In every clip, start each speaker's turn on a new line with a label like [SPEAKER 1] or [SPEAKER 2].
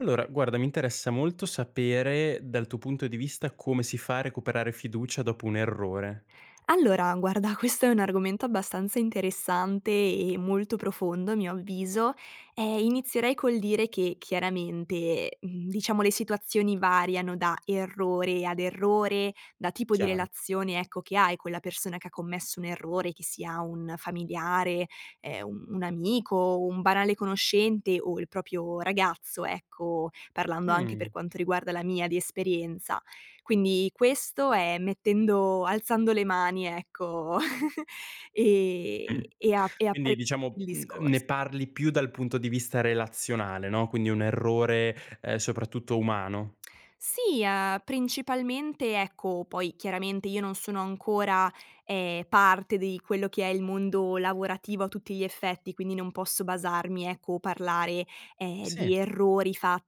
[SPEAKER 1] Allora guarda, mi interessa molto sapere dal tuo punto di vista come si fa a recuperare fiducia dopo un errore.
[SPEAKER 2] Allora guarda, questo è un argomento abbastanza interessante e molto profondo a mio avviso. Ehm, inizierei col dire che chiaramente, mhmm, diciamo le situazioni variano da errore ad errore, da tipo di
[SPEAKER 1] Chiaro.
[SPEAKER 2] relazione, ecco, che hai con la persona che ha commesso un errore, che sia un familiare, ehm, un un amico, o un banale conoscente, o il proprio ragazzo, ecco, parlando anche
[SPEAKER 1] Mh.
[SPEAKER 2] per quanto riguarda la mia di esperienza. Quindi, questo è mettendo alzando le mani ecco, e e ap e
[SPEAKER 1] Quindi,
[SPEAKER 2] apre
[SPEAKER 1] diciamo,
[SPEAKER 2] il
[SPEAKER 1] mhmm, n
[SPEAKER 2] discors
[SPEAKER 1] ne parli più dal punto di vista relazionale, no, quindi un errore, ehm, soprattutto umano.
[SPEAKER 2] Sì, uhm, principalmente, ecco poi chiaramente io non sono ancora, ehm, parte di quello che è il mondo lavorativo a tutti gli effetti, quindi non posso basarmi, ecco, o parlare, ehm, di
[SPEAKER 1] Sì.
[SPEAKER 2] errori fatti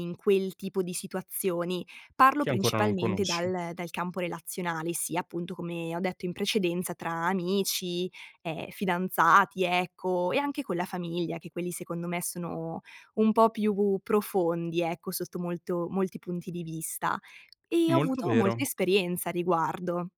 [SPEAKER 2] in quel tipo di situazioni. Parlo
[SPEAKER 1] Che ancora non
[SPEAKER 2] principalmente
[SPEAKER 1] conosci.
[SPEAKER 2] dal dal campo relazionale, sia appunto, come ho detto in precedenza tra amici, ehm, fidanzati, ecco, e anche con la famiglia, che quelli secondo me sono un po' più profondi, ecco, sotto molto molti punti di vista. E ho
[SPEAKER 1] Molto
[SPEAKER 2] avuto
[SPEAKER 1] vero.
[SPEAKER 2] molta esperienza a riguardo.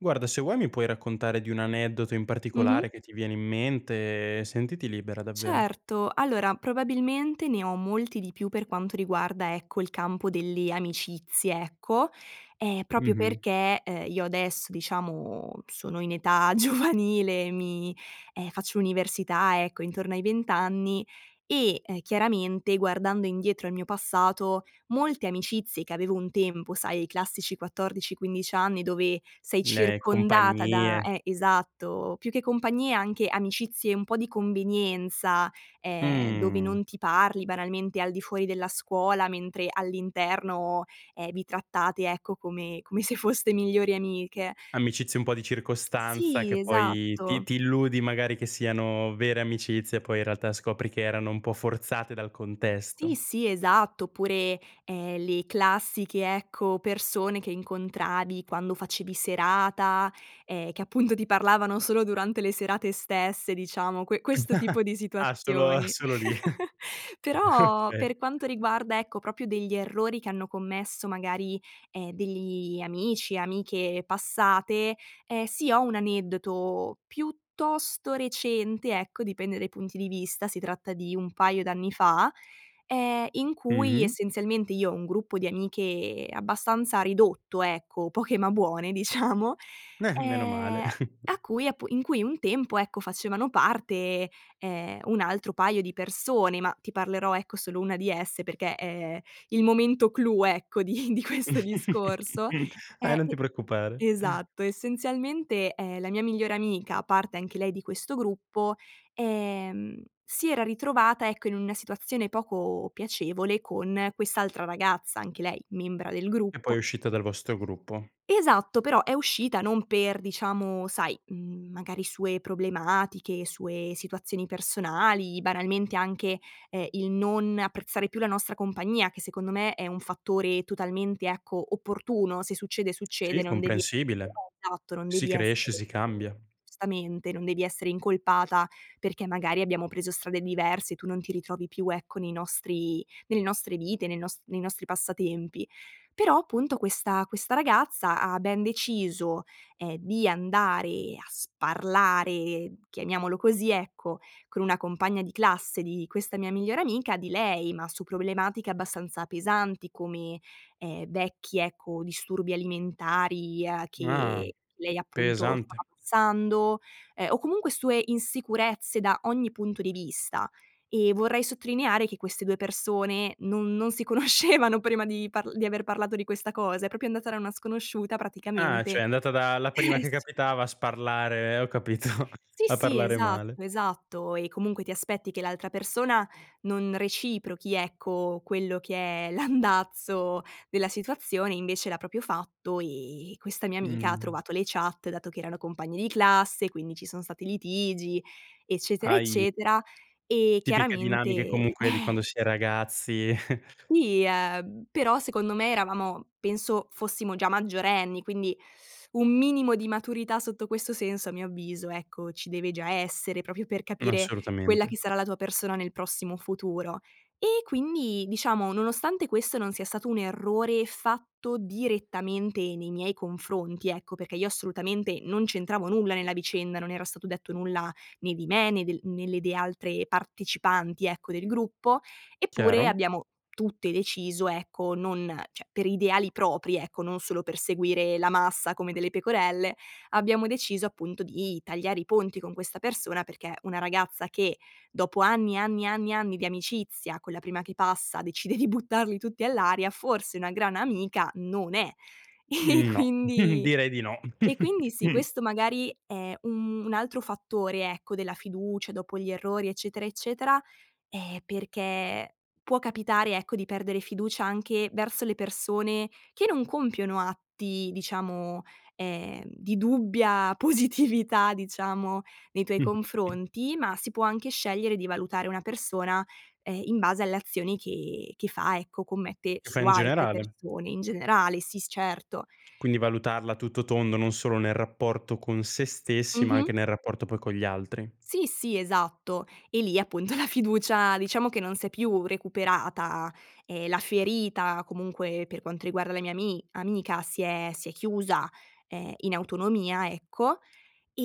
[SPEAKER 1] Guarda, se vuoi mi puoi raccontare di un aneddoto in
[SPEAKER 2] Mh-mh.
[SPEAKER 1] particolare che ti viene in mente, sentiti libera davvero.
[SPEAKER 2] Certo. Allora, probabilmente ne ho molti di più per quanto riguarda, ecco, il campo delle amicizie, ecco, ehm, proprio
[SPEAKER 1] Mh-mh.
[SPEAKER 2] perché, uhm, io adesso diciamo sono in età giovanile, mi ehm, faccio università, ecco, intorno ai 20 anni, e, ehm, chiaramente, guardando indietro al mio passato, molte amicizie che avevo un tempo, sai i classici 14, 15 anni dove sei
[SPEAKER 1] Le
[SPEAKER 2] circondata da
[SPEAKER 1] compagnie.
[SPEAKER 2] eh esatto, più che compagnie anche amicizie un po' di convenienza, ehm, dove
[SPEAKER 1] Mh.
[SPEAKER 2] non ti parli banalmente al di fuori della scuola, mentre all'interno, ehm, vi trattate, ecco, come come se foste migliori amiche.
[SPEAKER 1] Amicizie un po' di circostanza,
[SPEAKER 2] Sì,
[SPEAKER 1] che poi ti
[SPEAKER 2] esatto.
[SPEAKER 1] ti illudi magari che siano vere amicizie, poi in realtà scopri che erano un po' forzate dal
[SPEAKER 2] Ti
[SPEAKER 1] contesto.
[SPEAKER 2] sì, esatto. Oppure, ehm, le classiche, ecco, persone che incontravi quando facevi serata, ehm, che appunto ti parlavano solo durante le serate stesse diciamo, que questo tipo di
[SPEAKER 1] Ah, solo
[SPEAKER 2] situazioni.
[SPEAKER 1] solo lì.
[SPEAKER 2] Però,
[SPEAKER 1] Okay.
[SPEAKER 2] per quanto riguarda, ecco, proprio degli errori che hanno commesso magari, ehm, degli amici, amiche passate, ehm, sì ho un aneddoto piuttosto recente, ecco, dipende dai punti di vista si tratta di un paio d'anni fa, ehm, in cui
[SPEAKER 1] Mh-mh.
[SPEAKER 2] essenzialmente io ho un gruppo di amiche abbastanza ridotto, ecco, poche ma buone diciamo,
[SPEAKER 1] Eh, menomale.
[SPEAKER 2] ehm, a cui appu in cui un tempo, ecco, facevano parte, ehm, un altro paio di persone, ma ti parlerò, ecco, solo una di esse perché é il momento clou, ecco, di di questo discorso, ehm,
[SPEAKER 1] Eh, non ti preoccupare.
[SPEAKER 2] e esatto. Essenzialmente, ehm, la mia migliore amica, parte anche lei di questo gruppo, ehm, si era ritrovata, ecco, in una situazione poco piacevole con quest'altra ragazza, anche lei membra del
[SPEAKER 1] E poi è
[SPEAKER 2] gruppo.
[SPEAKER 1] uscita dal vostro gruppo.
[SPEAKER 2] Esatto, però è uscita non per diciamo, sai, mhmm, magari sue problematiche, sue situazioni personali, banalmente anche, ehm, il non apprezzare più la nostra compagnia, che secondo me è un fattore totalmente, ecco, opportuno, se succede,
[SPEAKER 1] Sì,
[SPEAKER 2] succede non devi
[SPEAKER 1] comprensibile.
[SPEAKER 2] [unintelligible] esatto non
[SPEAKER 1] Si
[SPEAKER 2] devi
[SPEAKER 1] cresce,
[SPEAKER 2] essere
[SPEAKER 1] si cambia.
[SPEAKER 2] [unintelligible] giustamente, non devi essere incolpata perché magari abbiamo preso strade diverse, tu non ti ritrovi più, ecco, nei nostri nelle nostre vite, nei nos nei nostri passatempi. Però appunto questa questa ragazza ha ben deciso, ehm, di andare a sparlare, chiamiamolo così ecco, con una compagna di classe di questa mia migliore amica, di lei, ma su problematiche abbastanza pesanti, come, ehm, vecchi, ecco, disturbi alimentari, uhm,
[SPEAKER 1] Ah,
[SPEAKER 2] che lei appunto stava
[SPEAKER 1] pesante.
[SPEAKER 2] passando, ehm, o comunque sue insicurezze da ogni punto di vista. E vorrei sottolineare che queste 2 persone non non si conoscevano prima di parl di aver parlato di questa cosa. È proprio andata da una sconosciuta
[SPEAKER 1] Ah,
[SPEAKER 2] praticamente
[SPEAKER 1] cioè è andata da la prima
[SPEAKER 2] eh
[SPEAKER 1] che
[SPEAKER 2] sì.
[SPEAKER 1] capitava a sparlare, ho capito.
[SPEAKER 2] Sì,
[SPEAKER 1] A
[SPEAKER 2] sì,
[SPEAKER 1] parlare male.
[SPEAKER 2] esatto, esatto. E comunque ti aspetti che l'altra persona non reciprochi, ecco, quello che è l'andazzo della situazione, invece l'ha proprio fatto, e e questa mia amica ha
[SPEAKER 1] Mh.
[SPEAKER 2] trovato le chat, dato che erano compagne di classe, quindi ci son stati litigi, eccetera,
[SPEAKER 1] Ahi.
[SPEAKER 2] eccetera. E
[SPEAKER 1] Tipiche dinamiche
[SPEAKER 2] chiaramente
[SPEAKER 1] comunque di quando si è ragazzi.
[SPEAKER 2] Sì, uhm, però secondo me eravamo penso fossimo già maggiorenni, quindi un minimo di maturità sotto questo senso a mio avviso, ecco, ci deve già essere, proprio per capire quella
[SPEAKER 1] Assolutamente.
[SPEAKER 2] che sarà la tua persona nel prossimo futuro. E quindi, diciamo, nonostante questo non sia stato un errore fatto direttamente nei miei confronti, ecco, perché io assolutamente non c'entravo nulla nella vicenda, non era stato detto nulla né di me, né del né delle altre partecipanti, ecco, del gruppo, eppure
[SPEAKER 1] Chiaro.
[SPEAKER 2] abbiamo tutte deciso, ecco, non cioè per ideali propri, ecco, non solo per seguire la massa come delle pecorelle, abbiamo deciso appunto di tagliare i ponti con questa persona, perché una ragazza che, dopo anni, anni, anni, anni di amicizia, con la prima che passa decide di buttarli tutti all'aria, forse una gran amica non è. E e
[SPEAKER 1] Mhmm, no.
[SPEAKER 2] quindi
[SPEAKER 1] Direi di no.
[SPEAKER 2] e quindi sì, questo magari è un un altro fattore, ecco, della fiducia dopo gli errori, eccetera, eccetera, ehm, perché può capitare, ecco, di perdere fiducia anche verso le persone che non compiono atti diciamo, ehm, di dubbia positività diciamo nei tuoi confronti, ma si può anche scegliere di valutare una persona, ehm, in base alle azioni che che fa ecco commette
[SPEAKER 1] Lo fa
[SPEAKER 2] su
[SPEAKER 1] in
[SPEAKER 2] altre
[SPEAKER 1] generale.
[SPEAKER 2] persone, in generale. Sì, s certo.
[SPEAKER 1] Quindi valutarla a tutto tondo, non solo nel rapporto con se stessi, ma anche
[SPEAKER 2] Mh-mh.
[SPEAKER 1] nel rapporto poi con gli altri.
[SPEAKER 2] Sì, sì, esatto. E lì appunto la fiducia diciamo che non s'è più recuperata. Ehm, la ferita comunque, per quanto riguarda le mia ami amica, si è si è chiusa, ehm, in autonomia, ecco;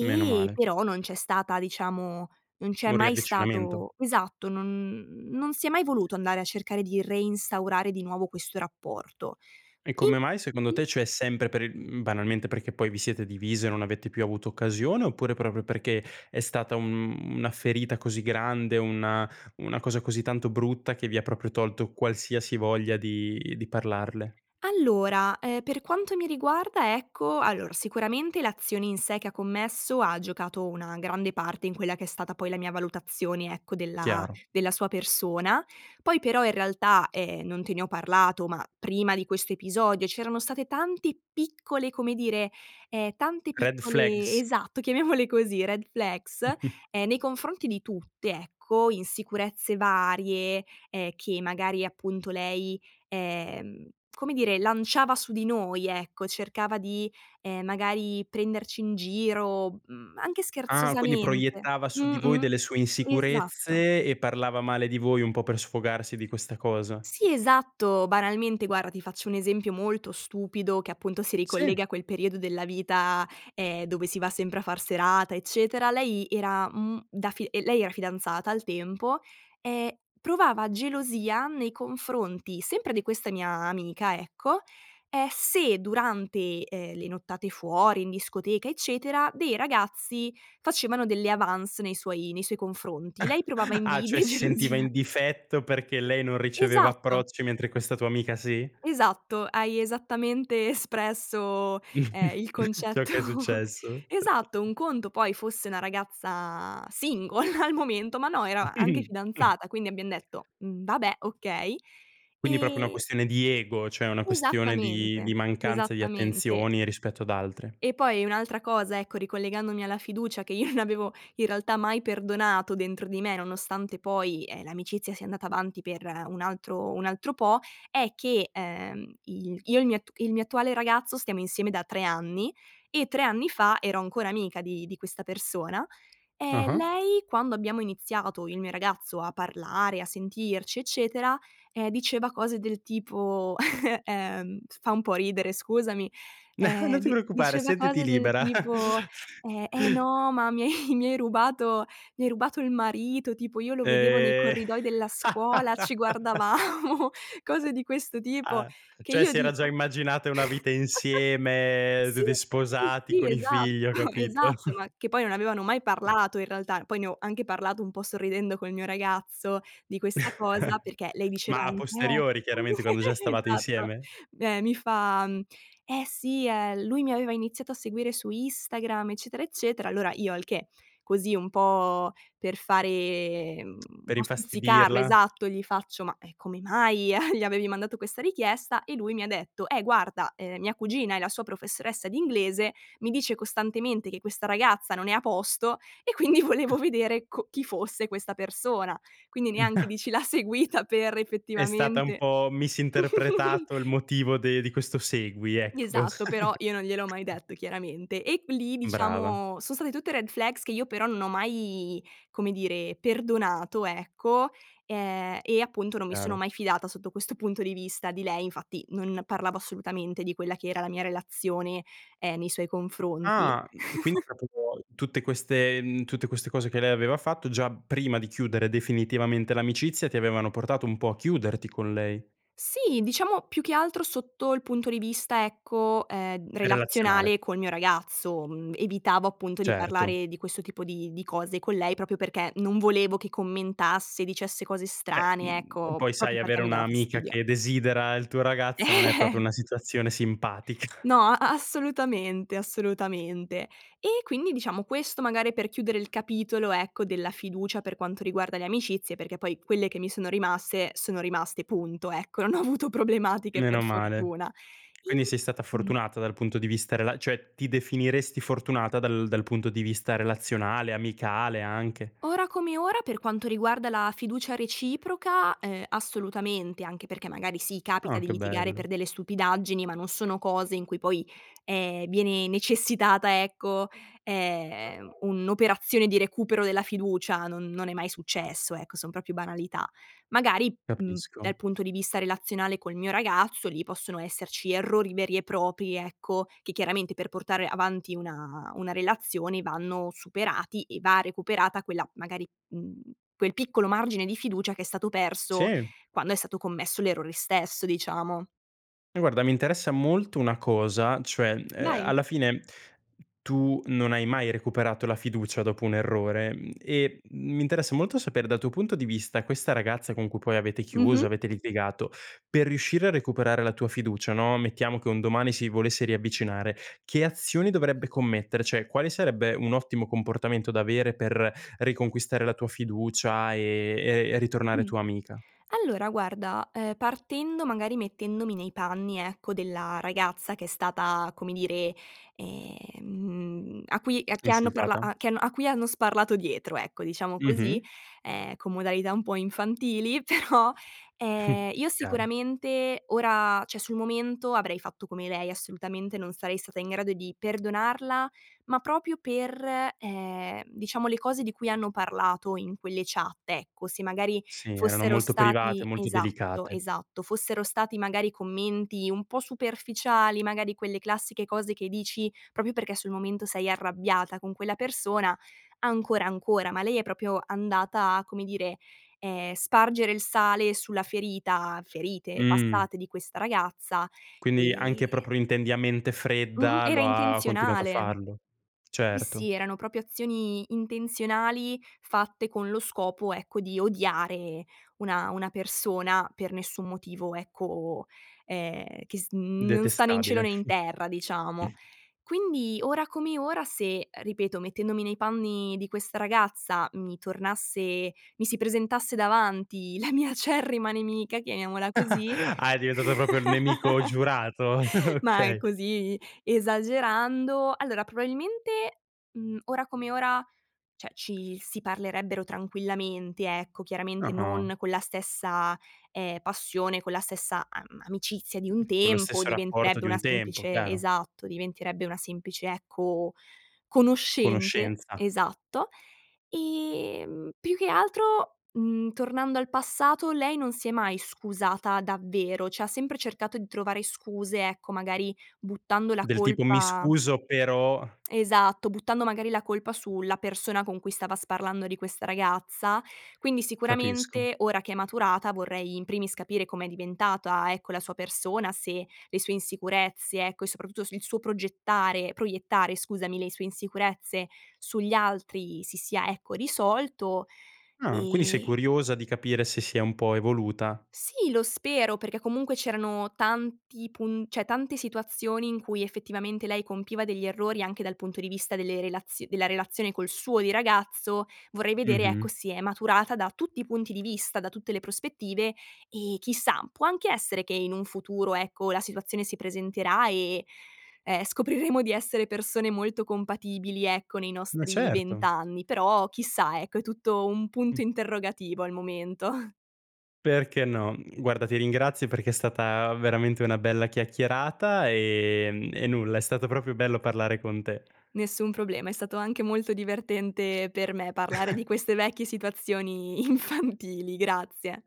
[SPEAKER 1] Meno male.
[SPEAKER 2] però non c'è stata diciamo non c'è
[SPEAKER 1] Un
[SPEAKER 2] mai
[SPEAKER 1] riavvicinamento.
[SPEAKER 2] stato esatto non n non si è mai voluto andare a cercare di reinstaurare di nuovo questo rapporto.
[SPEAKER 1] E
[SPEAKER 2] In
[SPEAKER 1] come mai secondo
[SPEAKER 2] mh-mh.
[SPEAKER 1] te? Cioè sempre per il mhmm, banalmente perché poi vi siete divise e non avete più avuto occasione, oppure proprio perché è stata un una ferita così grande, una una cosa così tanto brutta che vi ha proprio tolto qualsiasi voglia di di parlarle?
[SPEAKER 2] Allora, ehm, per quanto mi riguarda, ecco allora sicuramente l'azione in sé che ha commesso ha giocato una grande parte in quella che è stata poi la mia valutazione, ecco, della
[SPEAKER 1] Chiaro.
[SPEAKER 2] della sua persona. Poi però in realtà, ehm, non te ne ho parlato, ma prima di questo episodio c'erano state tante piccole, come dire, ehm, tante
[SPEAKER 1] Red
[SPEAKER 2] piccole
[SPEAKER 1] flags.
[SPEAKER 2] esatto chiamiamole così, red flags, ehm, nei confronti di tutte, ecco. Insicurezze varie, ehm, che magari appunto lei, ehm, come dire, lanciava su di noi, ecco, cercava di, ehm, magari prenderci in giro, mhmm, anche
[SPEAKER 1] Ah, quindi
[SPEAKER 2] scherzosamente.
[SPEAKER 1] proiettava su di voi
[SPEAKER 2] Mh-mh,
[SPEAKER 1] delle sue
[SPEAKER 2] esatto.
[SPEAKER 1] insicurezze, e parlava male di voi un po' per sfogarsi di questa cosa.
[SPEAKER 2] Sì, esatto. Banalmente guarda, ti faccio un esempio molto stupido che appunto si
[SPEAKER 1] Sì.
[SPEAKER 2] ricollega a quel periodo della vita, ehm, dove si va sempre a far serata, eccetera. Lei era, mhmm, da fi ehm, lei era fidanzata al tempo e provava gelosia nei confronti sempre di questa mia amica, ecco, ehm, se durante, ehm, le nottate fuori in discoteca, eccetera, dei ragazzi facevano delle avance nei suoi nei suoi confronti, lei provava
[SPEAKER 1] Ah, cioè
[SPEAKER 2] invidia e
[SPEAKER 1] si sentiva
[SPEAKER 2] gelosia.
[SPEAKER 1] in difetto perché lei non riceveva
[SPEAKER 2] Esatto!
[SPEAKER 1] approcci, mentre questa tua amica sì?
[SPEAKER 2] Esatto. Hai esattamente espresso, ehm, il
[SPEAKER 1] Ciò
[SPEAKER 2] concetto.
[SPEAKER 1] che è successo.
[SPEAKER 2] Esatto. Un conto poi fosse una ragazza single al momento, ma no era anche fidanzata, quindi abbiam detto: "Mhmm, vabbè, okay";
[SPEAKER 1] Quindi proprio una
[SPEAKER 2] e
[SPEAKER 1] questione di ego, cioè una questione di
[SPEAKER 2] Esattamente,
[SPEAKER 1] di mancanza di
[SPEAKER 2] esattamente.
[SPEAKER 1] attenzioni rispetto ad altre.
[SPEAKER 2] E poi un'altra cosa, ecco, ricollegandomi alla fiducia che io non avevo in realtà mai perdonato dentro di me, nonostante poi, ehm, l'amicizia sia andata avanti per un altro un altro po', è che, ehm, i il io e il mio at il mio attuale ragazzo stiamo insieme da 3 anni, e 3 anni fa ero ancora amica di di questa persona, e
[SPEAKER 1] Ah-ah.
[SPEAKER 2] lei quando abbiamo iniziato io e il mio ragazzo a parlare, a sentirci, eccetera, ehm, diceva cose del tipo, ehm f fa un po' ridere scusami, ehm,
[SPEAKER 1] Non ti
[SPEAKER 2] di
[SPEAKER 1] preoccupare,
[SPEAKER 2] diceva
[SPEAKER 1] sentiti
[SPEAKER 2] cose del
[SPEAKER 1] libera.
[SPEAKER 2] tipo, ehm: "Eh no, ma mi hai mi hai rubato mi hai rubato il marito, tipo io lo vedevo nei
[SPEAKER 1] Eh!
[SPEAKER 2] corridoi della scuola, ci guardavamo," cose di questo tipo.
[SPEAKER 1] Ah,
[SPEAKER 2] Che
[SPEAKER 1] cioè
[SPEAKER 2] io
[SPEAKER 1] si era già
[SPEAKER 2] dico
[SPEAKER 1] immaginata una vita insieme,
[SPEAKER 2] sì,
[SPEAKER 1] tutti
[SPEAKER 2] sì,
[SPEAKER 1] sposati
[SPEAKER 2] sì,
[SPEAKER 1] con i
[SPEAKER 2] esatto,
[SPEAKER 1] figli, ho capito.
[SPEAKER 2] esatto, ma che poi non avevano mai parlato in realtà, poi ne ho anche parlato un po' sorridendo col mio ragazzo di questa cosa, perché lei diceva
[SPEAKER 1] Ma a
[SPEAKER 2] anch "Eh"
[SPEAKER 1] posteriori chiaramente, quando già stavate
[SPEAKER 2] esatto.
[SPEAKER 1] insieme?
[SPEAKER 2] Beh mi fa, mhmm: "Eh sì eh, lui mi aveva iniziato a seguire su Instagram", eccetera, eccetera. Allora io al che, così un po' per fare, mhmm un
[SPEAKER 1] Per
[SPEAKER 2] po' stuzzicarlo,
[SPEAKER 1] infastidirla?
[SPEAKER 2] esatto, gli faccio: "Ma, ehm, come mai gli a gli avevi mandato questa richiesta?" E lui mi ha detto: "Eh guarda, ehm, mia cugina è la sua professoressa di inglese, mi dice costantemente che questa ragazza non è a posto, e quindi volevo vedere co chi fosse questa persona". Quindi neanche dici l'ha seguita per
[SPEAKER 1] È stata un
[SPEAKER 2] effettivamente
[SPEAKER 1] po' misinterpretato il motivo de di questo segui, ecco.
[SPEAKER 2] Esatto, però io non gliel'ho mai detto chiaramente. E q lì
[SPEAKER 1] Brava.
[SPEAKER 2] diciamo son state tutte red flags che io però non ho mai, come dire, perdonato, ecco, e e appunto non mi sono
[SPEAKER 1] Chiaro.
[SPEAKER 2] mai fidata sotto questo punto di vista di lei. Infatti, non parlavo assolutamente di quella che era la mia relazione, ehm, nei suoi confronti.
[SPEAKER 1] Ah, mhmm, quindi proprio [unintelligible] tutte queste mhmm, tutte queste cose che lei aveva fatto, già prima di chiudere definitivamente l'amicizia, ti avevano portato un po' a chiuderti con lei.
[SPEAKER 2] Sì, diciamo più che altro sotto il punto di vista, ecco, ehm,
[SPEAKER 1] È relazionale.
[SPEAKER 2] relazionale col mio ragazzo, mhmm, evitavo appunto di
[SPEAKER 1] Certo.
[SPEAKER 2] parlare di questo tipo di di cose con lei, proprio perché non volevo che commentasse, dicesse cose
[SPEAKER 1] Beh,
[SPEAKER 2] strane,
[SPEAKER 1] mhmm, e
[SPEAKER 2] ecco,
[SPEAKER 1] poi
[SPEAKER 2] proprio
[SPEAKER 1] sai
[SPEAKER 2] perché
[SPEAKER 1] avere
[SPEAKER 2] mi dava
[SPEAKER 1] un'amica
[SPEAKER 2] fastidio.
[SPEAKER 1] che desidera il tuo ragazzo non è proprio una situazione simpatica.
[SPEAKER 2] No, a assolutamente, assolutamente. E quindi diciamo, questo magari per chiudere il capitolo, ecco, della fiducia per quanto riguarda le amicizie, perché poi quelle che mi sono rimaste, sono rimaste punto, ecco, non ho avuto problematiche per
[SPEAKER 1] Meno male.
[SPEAKER 2] fortuna.
[SPEAKER 1] Quindi
[SPEAKER 2] In
[SPEAKER 1] sei stata
[SPEAKER 2] mh-mh.
[SPEAKER 1] fortunata dal punto di vista rela cioè, ti definiresti fortunata dal dal punto di vista relazionale, amicale anche?
[SPEAKER 2] Ora come ora, per quanto riguarda la fiducia reciproca, ehm, assolutamente, anche perché magari sì capita
[SPEAKER 1] Ah,
[SPEAKER 2] di
[SPEAKER 1] che
[SPEAKER 2] litigare
[SPEAKER 1] bello.
[SPEAKER 2] per delle stupidaggini, ma non sono cose in cui poi, ehm, viene necessitata ecco, ehm, un'operazione di recupero della fiducia, non non è mai successo, ecco, son proprio banalità. Magari, mhmm,
[SPEAKER 1] Capisco.
[SPEAKER 2] dal punto di vista relazionale col mio ragazzo, lì possono esserci errori veri e propri, ecco, che chiaramente per portare avanti una una relazione vanno superati e va recuperata quella magari mhmm, quel piccolo margine di fiducia che è stato perso
[SPEAKER 1] Sì.
[SPEAKER 2] quando è stato commesso l'errore stesso, diciamo.
[SPEAKER 1] Guarda, mi interessa molto una cosa, cioè, mhmm, uhm,
[SPEAKER 2] Vai.
[SPEAKER 1] alla fine tu non hai mai recuperato la fiducia dopo un errore, mhmm, e m mi interessa molto sapere dal tuo punto di vista, questa ragazza con cui poi avete chiuso,
[SPEAKER 2] Mh-mh.
[SPEAKER 1] avete litigato, per riuscire a recuperare la tua fiducia, no, mettiamo che un domani si volesse riavvicinare, che azioni dovrebbe commettere? Cioè, quale sarebbe un ottimo comportamento da avere per riconquistare la tua fiducia e e e ritornare tua amica?
[SPEAKER 2] Allora guarda, ehm, partendo magari mettendomi nei panni, ecco, della ragazza che è stata, come dire, ehm, a cui a chi hanno parla
[SPEAKER 1] Insultata?
[SPEAKER 2] a chi hanno a cui hanno sparlato dietro, ecco, diciamo
[SPEAKER 1] Mh-mh.
[SPEAKER 2] così, ehm, con modalità un po' infantili però, ehm, io
[SPEAKER 1] Chiaro.
[SPEAKER 2] sicuramente ora cioè sul momento avrei fatto come lei, assolutamente non sarei stata in grado di perdonarla, ma proprio per, ehm, diciamo le cose di cui hanno parlato in quelle chat, ecco. Se magari
[SPEAKER 1] Sì, erano
[SPEAKER 2] fossero
[SPEAKER 1] molto private,
[SPEAKER 2] stati
[SPEAKER 1] molti
[SPEAKER 2] esatto,
[SPEAKER 1] delicate.
[SPEAKER 2] esatto, fossero stati magari commenti un po' superficiali, magari quelle classiche cose che dici proprio perché sul momento sei arrabbiata con quella persona, ancora ancora, ma lei è proprio andata a, come dire, ehm, spargere il sale sulla ferita ferite
[SPEAKER 1] Mh.
[SPEAKER 2] passate di questa ragazza
[SPEAKER 1] Quindi
[SPEAKER 2] e
[SPEAKER 1] anche proprio intendi a mente
[SPEAKER 2] Mh-mh,
[SPEAKER 1] fredda
[SPEAKER 2] era
[SPEAKER 1] lo ha ha continuato a
[SPEAKER 2] intenzionale.
[SPEAKER 1] farlo.
[SPEAKER 2] Sì
[SPEAKER 1] Certo.
[SPEAKER 2] sì, erano proprio azioni intenzionali fatte con lo scopo, ecco, di odiare una una persona per nessun motivo, ecco, ehm, che s n non sta né in cielo
[SPEAKER 1] Detestabile.
[SPEAKER 2] né in terra, diciamo. Quindi, ora come ora, se, ripeto mettendomi nei panni di questa ragazza, mi tornasse mi si presentasse davanti la mia acerrima nemica, chiamiamola così,
[SPEAKER 1] Ah, è diventato proprio il nemico giurato,
[SPEAKER 2] ma è
[SPEAKER 1] okay.
[SPEAKER 2] così, esagerando; allora, probabilmente, mhmm, ora come ora, cioè ci si parlerebbero tranquillamente, ecco, chiaramente
[SPEAKER 1] Ah-ah.
[SPEAKER 2] non con la stessa, ehm, passione, con la stessa am amicizia di un
[SPEAKER 1] Con lo
[SPEAKER 2] tempo.
[SPEAKER 1] stesso rapporto
[SPEAKER 2] Diventerebbe
[SPEAKER 1] di
[SPEAKER 2] una
[SPEAKER 1] un tempo,
[SPEAKER 2] semplice
[SPEAKER 1] chiaro.
[SPEAKER 2] esatto, diventerebbe una semplice, ecco, conoscente.
[SPEAKER 1] Conoscenza.
[SPEAKER 2] Esatto. Ehm, più che altro, mhmm, tornando al passato, lei non si è mai scusata davvero, cioè ha sempre cercato di trovare scuse, ecco, magari buttando la
[SPEAKER 1] Del tipo: "Mi
[SPEAKER 2] colpa
[SPEAKER 1] scuso, però"
[SPEAKER 2] esatto, buttando magari la colpa su la persona con cui stava sparlando di questa ragazza. Quindi
[SPEAKER 1] Capisco.
[SPEAKER 2] sicuramente, ora che è maturata, vorrei in primis capire com'è diventata, ecco, la sua persona, se le sue insicurezze, ecco, e soprattutto s il suo progettare proiettare, scusami, le sue insicurezze sugli altri si sia, ecco, risolto.
[SPEAKER 1] Ah, quindi sei
[SPEAKER 2] E
[SPEAKER 1] curiosa di capire se si è un po' evoluta.
[SPEAKER 2] Sì, lo spero, perché comunque c'erano tanti pun cioè tante situazioni in cui effettivamente lei compiva degli errori, anche dal punto di vista delle relazio della relazione col suo di ragazzo; vorrei vedere, ecco,
[SPEAKER 1] Mh-mh.
[SPEAKER 2] se è maturata da tutti i punti di vista, da tutte le prospettive, e chissà, può anche essere che in un futuro, ecco, la situazione si presenterà e, ehm, scopriremo di essere persone molto compatibili, ecco, nei
[SPEAKER 1] Ma
[SPEAKER 2] nostri 20
[SPEAKER 1] certo.
[SPEAKER 2] anni. Però chissà, ecco, è tutto un
[SPEAKER 1] Mh.
[SPEAKER 2] punto interrogativo al momento.
[SPEAKER 1] Perché no. Mhmm, guarda ti ringrazio perché è stata veramente una bella chiacchierata, ehm, e nulla, è stato proprio bello parlare con te.
[SPEAKER 2] Nessun problema, è stato anche molto divertente per me parlare di queste vecchie situazioni infantili. Grazie!